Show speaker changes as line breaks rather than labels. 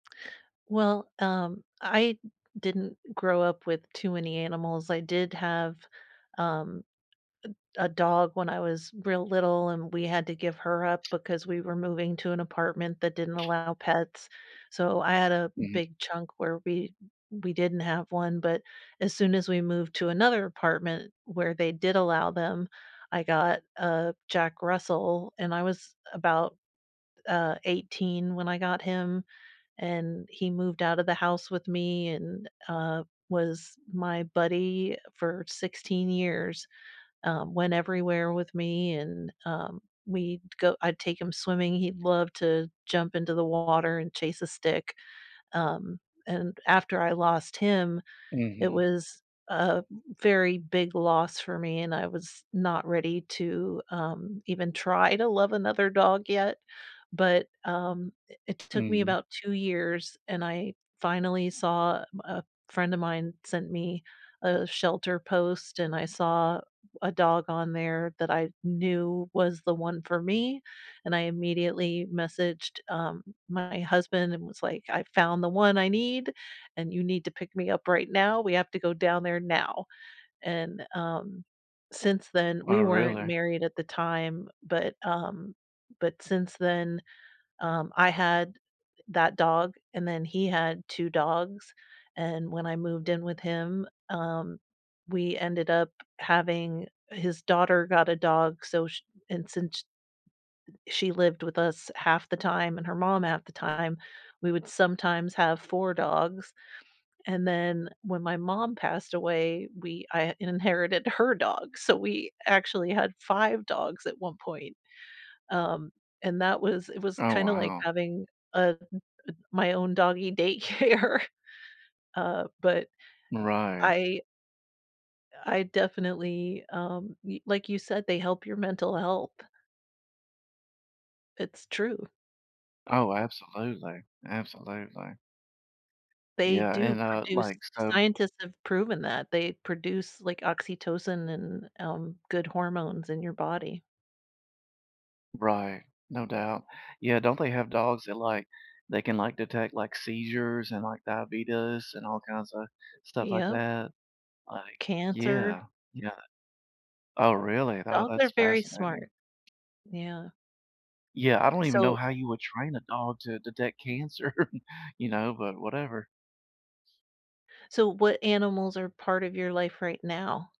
Well, um, I didn't grow up with too many animals. I did have, um, a a dog when I was real little, and we had to give her up because we were moving to an apartment that didn't allow pets. So I had a
Mhm.
big chunk where we we didn't have one, but as soon as we moved to another apartment where they did allow them, I got a Jack Russell and I was about, uh, 18 when I got him, and he moved out of the house with me and, uh, was my buddy for 16 years, um, went everywhere with me, and, um, we'd go I'd take him swimming. He'd love to jump into the water and chase a stick. Um, and after I lost him, it
Mhm.
was a very big loss for me, and I was not ready to, um, even try to love another dog yet. But, um, i it took me
Mhm.
about 2 years, and I finally saw a a friend of mine sent me a shelter post, and I saw w a dog on there that I knew was the one for me. And I immediately messaged, um, my husband and was like, "I found the one I need, and you need to pick me up right now, we have to go down there now." And, um, since then we
Oh,
weren't
really?
married at the time, but, um, but since then, um, I had that dog, and then he had 2 dogs and when I moved in with him, um, we ended up having his daughter got a dog, so sh and since sh she lived with us half the time and her mom half the time, we would sometimes have 4 dogs. And then when my mom passed away, we I inherited her dog, so we actually had 5 dogs at one point, um, and that was it was
Oh,
kinda like
wow.
having, uh, m m my own doggy daycare. Uh, but
Right.
I I definitely, um, y like you said, they help your mental health. It's true.
Oh, absolutely. Absolutely.
They
Yeah.
do
And, uh
produce
like, so
scientists have proven that they produce, like, oxytocin and, um, good hormones in your body.
Right. No doubt. Yeah don't they have dogs that, like, they can, like, detect, like, seizures and, like, diabetes and all kinds of stuff like
Yep.
that? Like
Cancer.
Yeah, yeah. Oh, really? Oh
Dogs are
that's
very
fascinating.
smart. Yeah.
Yeah. I don't even know
So
how you would train a dog to detect cancer, you know, but whatever.
So what animals are part of your life right now?